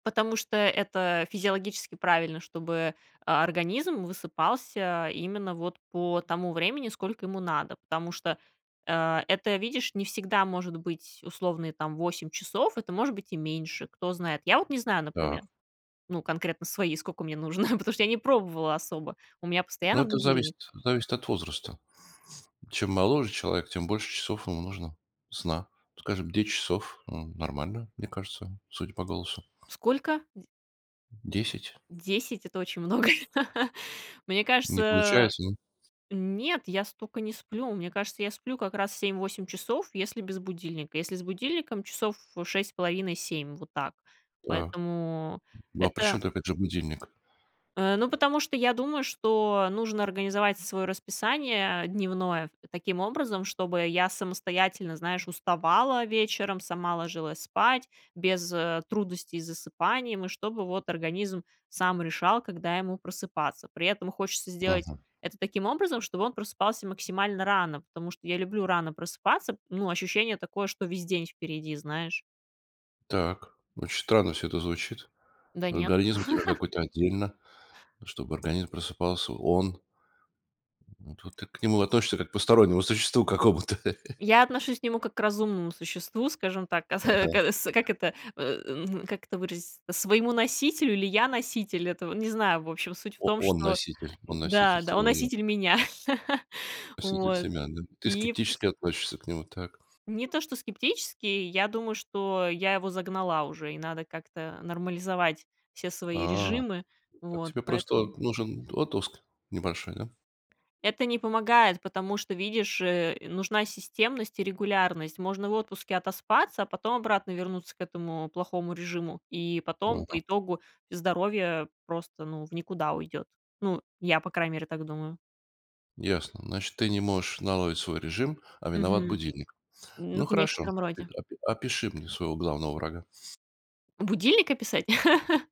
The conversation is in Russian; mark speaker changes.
Speaker 1: Потому что это физиологически правильно, чтобы, а, организм высыпался именно вот по тому времени, сколько ему надо, потому что, э, это, видишь, не всегда может быть условные там 8 часов, это может быть и меньше, кто знает. Я вот не знаю, например,
Speaker 2: Так.
Speaker 1: ну, конкретно свои, сколько мне нужно, потому что я не пробовала особо, у меня
Speaker 2: Ну,
Speaker 1: постоянно
Speaker 2: это
Speaker 1: будильник
Speaker 2: зависит зависит от возраста. Чем моложе человек, тем больше часов ему нужно сна. Скажем, 10 часов ну нормально, мне кажется, судя по голосу.
Speaker 1: Сколько? Дь
Speaker 2: 10.
Speaker 1: 10 это очень много. Мне
Speaker 2: Не
Speaker 1: кажется
Speaker 2: получается, н
Speaker 1: нет, я столько не сплю. Мне кажется, я сплю как раз 7-8 часов, если без будильника. Если с будильником часов 6,5, 7. Вот так.
Speaker 2: Так.
Speaker 1: Поэтому
Speaker 2: Ну а
Speaker 1: это
Speaker 2: причем опять же будильник?
Speaker 1: Э, ну, потому что я думаю, что нужно организовать своё расписание дневное таким образом, чтобы я самостоятельно, знаешь, уставала вечером, сама ложилась спать без, э, трудностей с засыпанием, и чтобы вот организм сам решал, когда ему просыпаться. При этом хочется сделать
Speaker 2: Мгм.
Speaker 1: это таким образом, чтобы он просыпался максимально рано, потому что я люблю рано просыпаться. Ну, ощущение такое, что весь день впереди, знаешь.
Speaker 2: Так, очень странно всё это звучит.
Speaker 1: Да нет.
Speaker 2: Организм у тебя какой-то отдельно, чтобы организм просыпался, он Но тут ты к нему относишься как к постороннему существу какому-то.
Speaker 1: Я отношусь к нему как к разумному существу, скажем так, каса
Speaker 2: Ага.
Speaker 1: кас как это, э, ну как это выразиться, своему носителю или я носитель, этого не знаю. В общем, суть в
Speaker 2: О
Speaker 1: том,
Speaker 2: он
Speaker 1: что
Speaker 2: носитель, он носитель
Speaker 1: да, да, он
Speaker 2: твоего я.
Speaker 1: носитель меня
Speaker 2: Носитель
Speaker 1: вот,
Speaker 2: семян, да? Ты
Speaker 1: и
Speaker 2: скептически относишься к нему так.
Speaker 1: Не то, что скептически, я думаю, что я его загнала уже и надо как-то нормализовать все свои
Speaker 2: А.
Speaker 1: режимы
Speaker 2: Так
Speaker 1: вот
Speaker 2: тебе просто
Speaker 1: поэтому
Speaker 2: вот нужен отпуск небольшой, да?
Speaker 1: Это не помогает, потому что, видишь, э, нужна системность и регулярность. Можно в отпуске отоспаться, а потом обратно вернуться к этому плохому режиму, и потом по
Speaker 2: Ага.
Speaker 1: итогу здоровье просто ну в никуда уйдёт. Ну, я по крайней мере так думаю.
Speaker 2: Ясно. Значит, ты не можешь наладить свой режим, а виноват
Speaker 1: Мгм,
Speaker 2: будильник. Ну,
Speaker 1: м,
Speaker 2: хорошо,
Speaker 1: некотором
Speaker 2: опи
Speaker 1: роде.
Speaker 2: опи опиши мне своего главного врага.
Speaker 1: Будильник описать?